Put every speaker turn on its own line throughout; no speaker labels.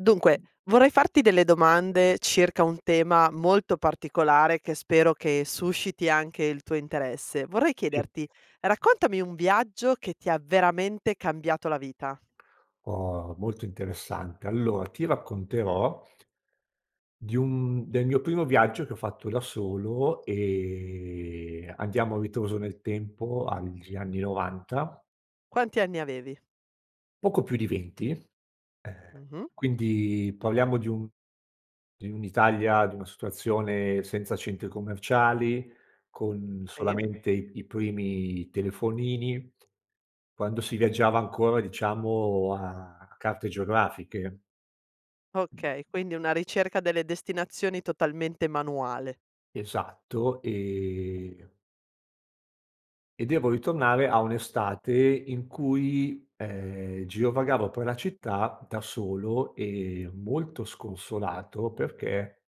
Dunque, vorrei farti delle domande circa un tema molto particolare che spero che susciti anche il tuo interesse. Vorrei chiederti,
[unintelligible]
raccontami un viaggio che ti ha veramente cambiato la vita.
Oh, molto interessante, allo ti racconterò di un del mio primo viaggio che ho fatto da solo e andiamo a ritroso nel tempo agli anni '90.
Quanti anni avevi?
Poco più di 20, ehm,
Mh-mh.
quindi parliamo di un di un'Italia di una situazione senza centri commerciali, con
E?
solamente i primi telefonini, quando si viaggiava ancora, diciamo, a carte geografiche.
Okay, quindi una ricerca delle destinazioni totalmente manuale.
Esatto, ehm e devo ritornare a un'estate in cui, ehm, girovagavo per la città da solo e molto sconsolato perché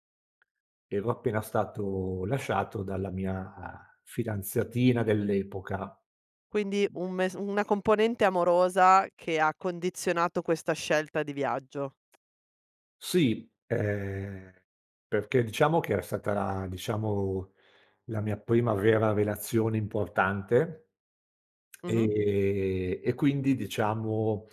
ero appena stato lasciato dalla mia fidanzatina dell'epoca.
Quindi un mes una componente amorosa che ha condizionato questa scelta di viaggio.
Sì, ehm, perché diciamo che era stata diciamo, la mia prima vera relazione importante,
Mh-mh.
ehm, e quindi, diciamo,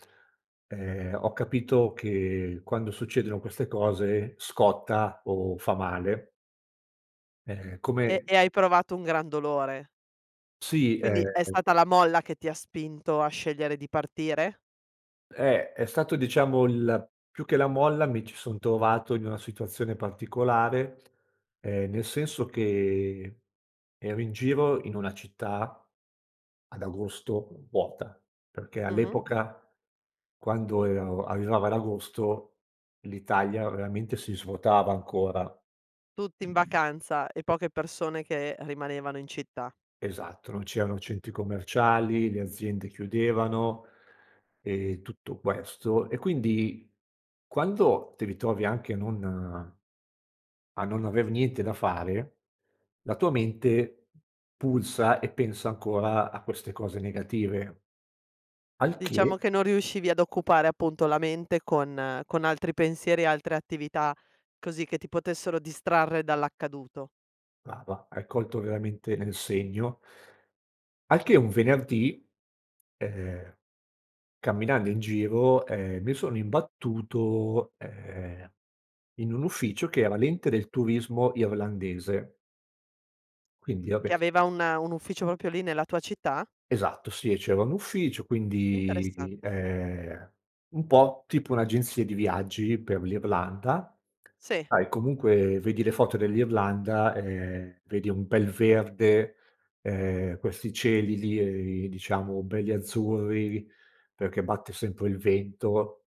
ehm, ho capito che quando succedono queste cose scotta o fa male. Ehm,
E
come
e hai provato un gran dolore.
Sì,
Quindi è
ehm
stata la molla che ti ha spinto a scegliere di partire?
Eh, è stato, diciamo, l più che la molla mi ci son trovato in una situazione particolare, ehm, nel senso che ero in giro in una città, ad agosto, vuota, perché
Mh-mh.
all'epoca quando e o arrivava ad agosto, l'Italia veramente si svuotava ancora.
Tutti in vacanza e poche persone che rimanevano in città.
Esatto, non c'erano centri commerciali, le aziende chiudevano e tutto questo, e quindi quando ti ritrovi anche non a non aver niente da fare, la tua mente pulsa e pensa ancora a queste cose negative. Al
Diciamo
che
che non riuscivi ad occupare, appunto, la mente con con altri pensieri e altre attività, così che ti potessero distrarre dall'accaduto.
Brava, hai colto veramente nel segno. Al che, un venerdì, ehm, camminando in giro, ehm, mi sono imbattuto, ehm, in un ufficio che era l'ente del turismo irlandese. Quindi va
Che
beh.
aveva un un ufficio proprio lì nella tua città?
Esatto, sì, e c'era un ufficio, quindi,
Interessante.
ehm, un po' tipo un'agenzia di viaggi per l'Irlanda.
Sì.
Sai comunque vedi le foto dell'Irlanda, ehm, vedi un bel verde, ehm, questi cieli lì e diciamo belli azzurri, perché batte sempre il vento,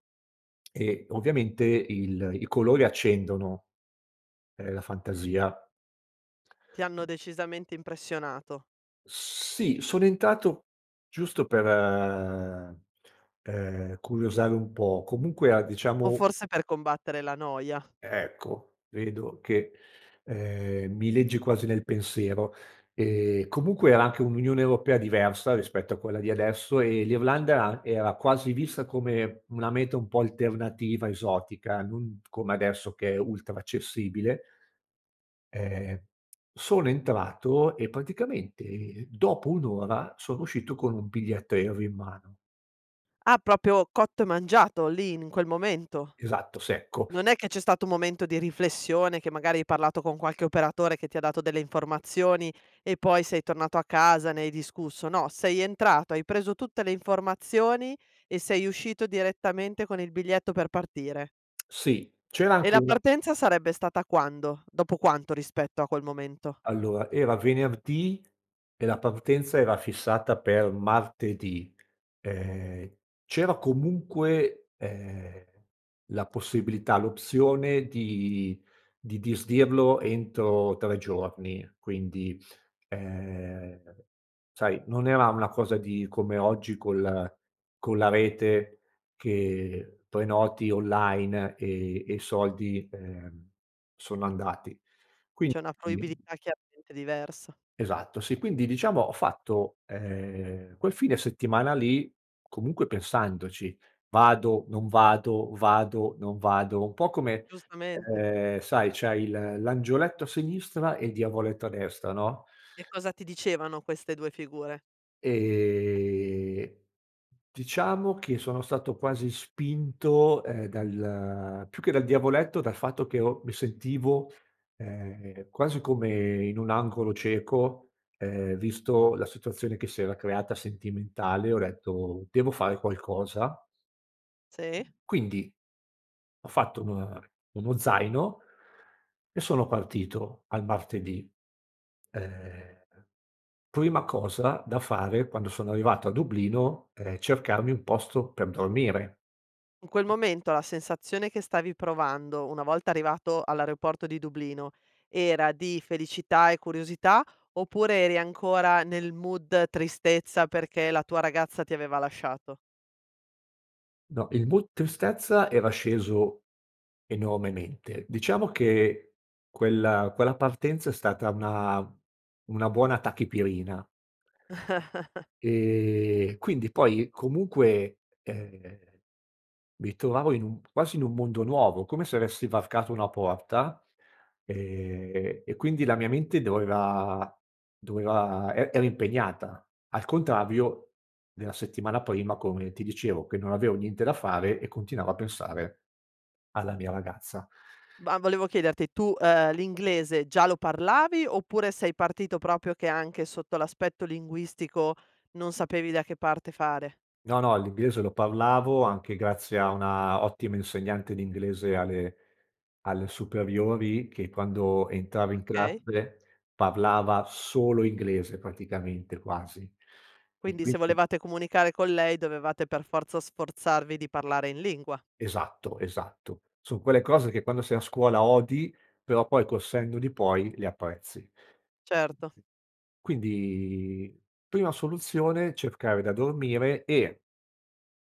e ovviamente il i colori accendono, ehm, la fantasia.
Ti hanno decisamente impressionato.
Sì, sono entrato giusto per, ehm, curiosare un po', comunque a
O
diciamo
forse per combattere la noia.
Ecco. Vedo che, ehm, mi leggi quasi nel pensiero e comunque era anche un'Unione europea diversa rispetto a quella di adesso e l'Irlanda a era quasi vista come una meta un po' alternativa, esotica, non come adesso che è ultra accessibile. Ehm, sono entrato e praticamente dopo 1 ora sono uscito con un biglietto aereo in mano.
Ah proprio cotto e mangiato lì, in quel momento.
Esatto, secco.
Non è che c'è stato un momento di riflessione, che magari hai parlato con qualche operatore che ti ha dato delle informazioni e poi sei tornato a casa, ne hai discusso, no, sei entrato, hai preso tutte le informazioni e sei uscito direttamente con il biglietto per partire.
Sì, c'era
E
anche
la
una
partenza sarebbe stata quando? Dopo quanto rispetto a quel momento?
Allora, era venerdì e la partenza era fissata per martedì, ehm, c'era comunque, ehm, la possibilità, l'opzione di di disdirlo entro 3 giorni, quindi, ehm, sai, non era una cosa di come oggi col con la rete che prenoti online e e i soldi, ehm, sono andati,
C'è una
quindi
fruibilità chiaramente diversa.
Esatto, sì, quindi diciamo, ho fatto, ehm, quel fine settimana lì comunque pensandoci: vado, non vado, vado, non vado, un po' come,
Giustamente.
ehm, sai c'hai il l'angioletto a sinistra e il diavoletto a destra, no.
E cosa ti dicevano queste 2 figure?
Ehm, diciamo che sono stato quasi spinto, ehm, dal più che dal diavoletto dal fatto che ho mi sentivo, ehm, quasi come in un angolo cieco, ehm, visto la situazione che si era creata sentimentale, ho detto: "Devo fare qualcosa".
Sì.
Quindi ho fatto una uno zaino e sono partito al martedì, ehm, prima cosa da fare quando sono arrivato a Dublino, è cercarmi un posto per dormire.
In quel momento, la sensazione che stavi provando una volta arrivato all'aeroporto di Dublino, era di felicità e curiosità, oppure eri ancora nel mood tristezza, perché la tua ragazza ti aveva lasciato?
No il mood tristezza, era sceso enormemente. Diciamo che quella quella partenza è stata una una buona tachipirina ehm, quindi poi comunque, ehm, mi trovavo in un quasi in un mondo nuovo, come se avessi varcato una porta, ehm, e quindi la mia mente doveva doveva e era impegnata, al contrario della settimana prima, come ti dicevo che non avevo niente da fare, e continuavo a pensare alla mia ragazza.
Ma volevo chiederti tu, ehm, l'inglese già lo parlavi, oppure sei partito proprio che anche sotto l'aspetto linguistico, non sapevi da che parte fare?
No, no, l'inglese lo parlavo, anche grazie a una ottima insegnante di inglese, alle alle superiori, che quando entrava in
Okay.
classe, parlava solo inglese praticamente quasi, e
Quindi, se
quindi
volevate comunicare con lei, dovevate per forza sforzarvi di parlare in lingua.
Esatto, esatto. Son quelle cose, che quando sei a scuola odi, però poi col senno di poi le apprezzi.
Certo.
Quindi prima soluzione, cercare da dormire e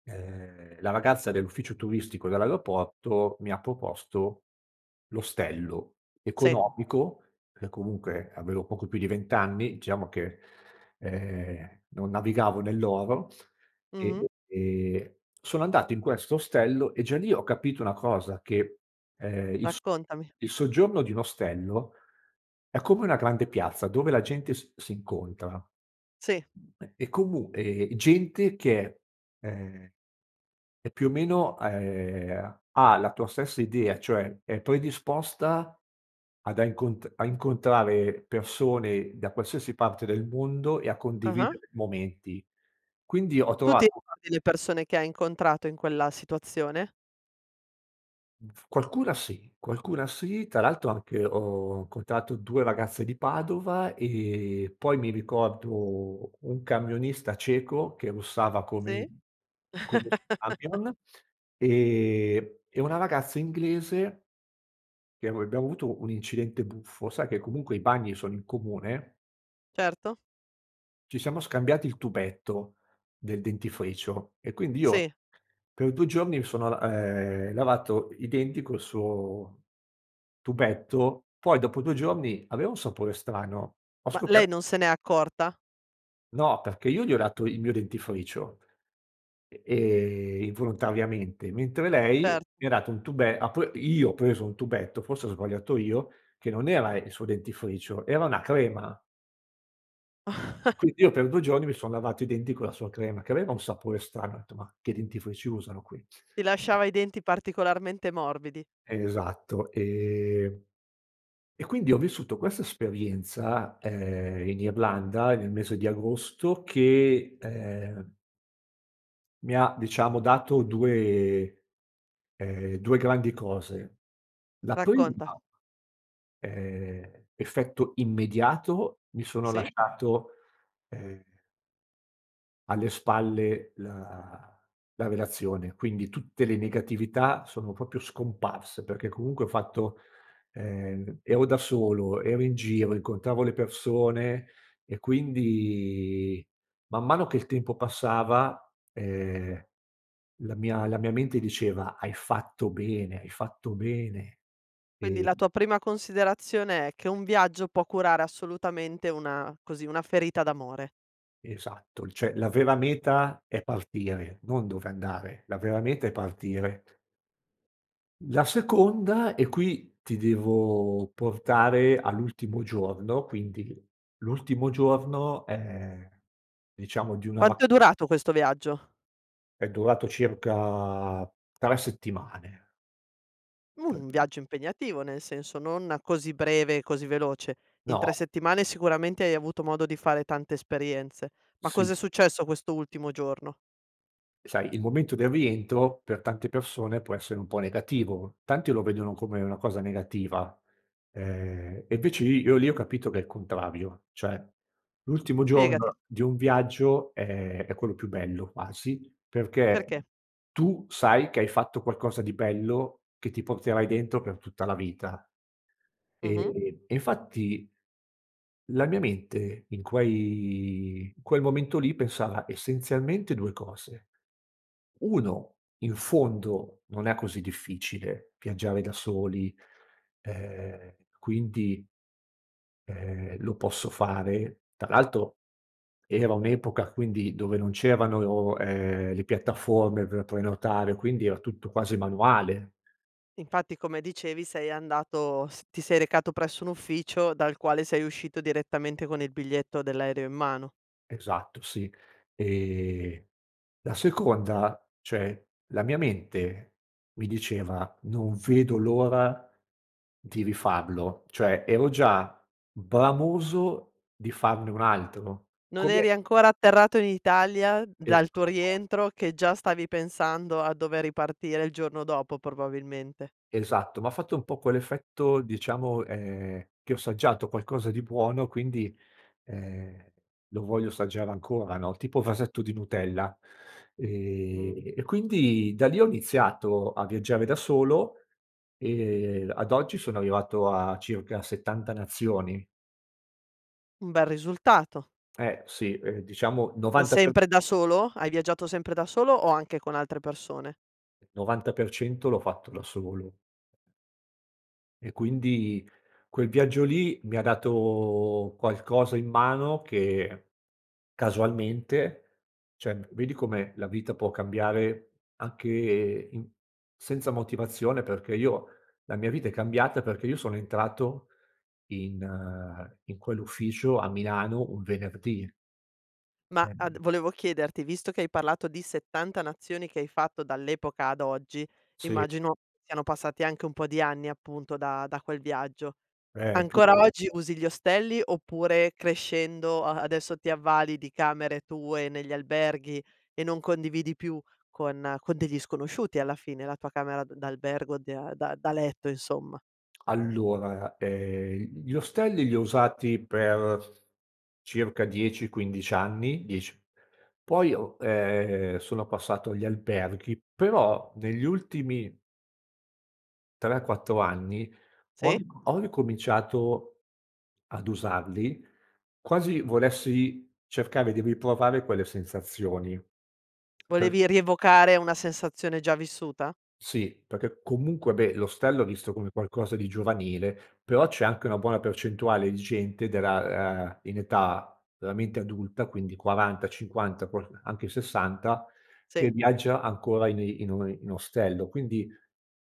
ehm, la ragazza dell'ufficio turistico dell'aeroporto, mi ha proposto l'ostello,
Sì.
economico per comunque avevo poco più di vent'anni, diciamo che, ehm, non navigavo nell'oro,
Mh-mh.
e e sono andato in questo ostello e già lì ho capito una cosa che, ehm, il so
Raccontami.
il soggiorno di un ostello è come una grande piazza dove la gente s s'incontra,
Sì.
eh, e comu ehm, gente che, ehm, è più o meno, a ehm, ha la tua stessa idea cioè è predisposta ad a incon a incontrare persone da qualsiasi parte del mondo e a
Ah-ah.
condividere momenti, quindi ho
Tu ti
trovato
ricordi, le persone che hai incontrato in quella situazione?
F qualcuna sì, qualcuna sì, tra l'altro anche ho incontrato 2 ragazze di Padova, ehm, poi mi ricordo un camionista ceco, che russava come
Sì.
come il suo camion, ehm, e una ragazza inglese che ero e abbiamo avuto un incidente buffo, sai che comunque i bagni sono in comune
Certo.
ci siamo scambiati il tubetto del dentifricio, e quindi
Sì.
io per 2 giorni mi sono l ehm, lavato i denti col suo tubetto, poi dopo 2 giorni aveva un sapore strano. Ho
Ma lei
scoper
non se n'è accorta?
No, perché io gli ho dato il mio dentifricio, e ehm, involontariamente, mentre lei
Cer
mi ha dato un tube ha pre io ho preso un tubetto, forse ho sbagliato io, che non era il suo dentifricio, era una crema. Quindi io per 2 giorni mi son lavato i denti con la sua crema, che aveva un sapore strano, ho detto: "Mah che dentifrici usano qui?"
Ti lasciava i denti, particolarmente morbidi.
Esatto, ehm e quindi ho vissuto questa esperienza, ehm, in Irlanda e nel mese di agosto che, ehm mi ha diciamo, dato 2, ehm, 2 grandi cose. La prima
Racconta.
ehm, effetto immediato mi sono
Sì.
lasciato, ehm alle spalle la la relazione, quindi tutte le negatività sono proprio scomparse, perché comunque ho fatto ehm, ero da solo, ero in giro, incontravo le persone, e quindi man mano che il tempo passava, ehm, la mia la mia mente diceva: "Hai fatto bene, hai fatto bene".
Quindi, la
Ehm
tua prima considerazione è che un viaggio può curare assolutamente una così, una ferita d'amore.
Esatto. Cioè la vera meta è partire, non dove andare. La vera meta è partire. La seconda, e qui ti devo portare all'ultimo giorno quindi l'ultimo giorno, ehm, diciamo di una
Quanto è
vaca
durato questo viaggio?
è durato circa 3 settimane.
Mhmm, un viaggio impegnativo, nel senso, non così breve e così veloce. In 3
No.
settimane sicuramente hai avuto modo di fare tante esperienze. Ma cosa è
Sì.
successo questo ultimo giorno?
Sai, il momento del rientro per tante persone può essere un po' negativo, tanti lo vedono come una cosa negativa, ehm, e invece i io lì ho capito che è il contrario, cioè l'ultimo
Spiegati.
giorno di un viaggio è è quello più bello quasi, perché
Perché?
tu sai che hai fatto qualcosa di bello che ti porterai dentro per tutta la vita.
Mh-mh.
E e infatti, la mia mente in quei in quel momento lì pensava essenzialmente 2 cose: 1 in fondo non è così difficile viaggiare da soli e quindi, ehm, lo posso fare tra l'altro era un'epoca quindi dove non c'erano, ehm, le piattaforme per prenotare quindi era tutto quasi manuale.
Infatti come dicevi sei andato s ti sei recato presso un ufficio dal quale sei uscito direttamente con il biglietto dell'aereo in mano.
Esatto sì, e la seconda, cioè, la mia mente mi diceva: "Non vedo l'ora di rifarlo", cioè ero già bramoso di farne un altro,
Non
come
eri ancora atterrato in Italia
Esa
dal tuo
[unintelligible]
rientro che già stavi pensando a dover ripartire il giorno dopo probabilmente.
Esatto, m'ha fatto un po' quell'effetto diciamo, ehm, che ho assaggiato qualcosa di buono quindi, ehm, lo voglio assaggiare ancora no, tipo vasetto di Nutella,
Mh.
ehm, e quindi da lì ho iniziato a viaggiare da solo e ad oggi sono arrivato a circa 70 nazioni.
Un bel risultato.
Eh sì, ehm, diciamo, 90 per
Sempre da solo? Hai viaggiato sempre da solo o anche con altre persone?
[unintelligible] 90% l'ho fatto da solo. E quindi quel viaggio lì mi ha dato qualcosa in mano che casualmente, cioè vedi come la vita può cambiare anche i senza motivazione perché io la mia vita è cambiata perché io sono entrato in in quell'ufficio a Milano, un venerdì.
Ma
Eh
ad volevo chiederti, visto che hai parlato di 70 nazioni che hai fatto dall'epoca ad oggi,
Sì.
immagino siano passati anche un po' di anni appunto da da quel viaggio.
Eh, più
Ancora oggi usi gli ostelli oppure crescendo a adesso ti avvali di camere tue negli alberghi e non condividi più con con degli sconosciuti alla fine, la tua camera d d'albergo di a da da letto insomma?
Allora, ehm, gli ostelli li ho usati per circa 10-15 anni, 10 poi ho, ehm, sono passato agli alberghi, però negli ultimi 3-4 anni ho
Sì.
ho ricominciato ad usarli, quasi volessi cercare di riprovare quelle sensazioni per
Volevi rievocare una sensazione già vissuta?
Sì, perché comunque beh, l'ostello è visto come qualcosa di giovanile, però c'è anche una buona percentuale di gente della, ah, in età veramente adulta, quindi 40-50, qualc anche 60
Sì.
che viaggia ancora in in o in ostello, quindi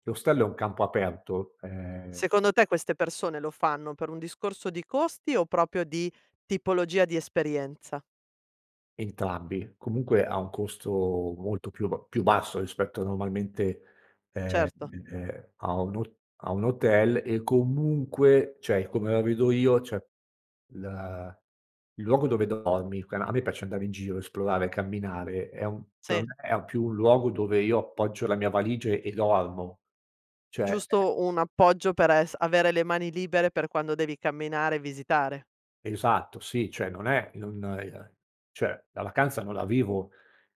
l'ostello è un campo aperto, ehm
Secondo te queste persone lo fanno per un discorso di costi o proprio di tipologia di esperienza?
Entrambi, comunque ha un costo molto più b più basso rispetto normalmente, ehm,
Certo.
ehm, a un hot a un hotel e comunque cioè, come la vedo io cioè, la il luogo dove dormi, quan a me piace andare in giro, esplorare, camminare, è un per
Sì.
me è più un luogo dove io appoggio la mia valigia e dormo cioè, eh
Giusto un appoggio per es avere le mani libere per quando devi camminare e visitare.
Esatto, sì, cioè, non è, non, ehm cioè, la vacanza non la vivo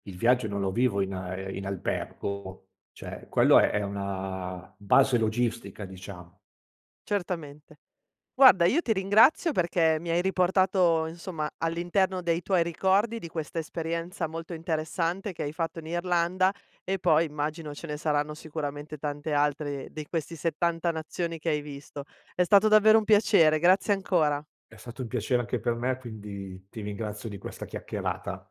il viaggio non lo vivo in a in albergo cioè, quello è è una base logistica diciamo.
Certamente. Guarda io ti ringrazio perché mi hai riportato insomma all'interno dei tuoi ricordi, di questa esperienza molto interessante che hai fatto in Irlanda, e poi immagino ce ne saranno sicuramente tante altre dei questi 70 nazioni che hai visto. È stato davvero un piacere, grazie ancora.
È stato un piacere anche per me, quindi ti ringrazio di questa chiacchierata.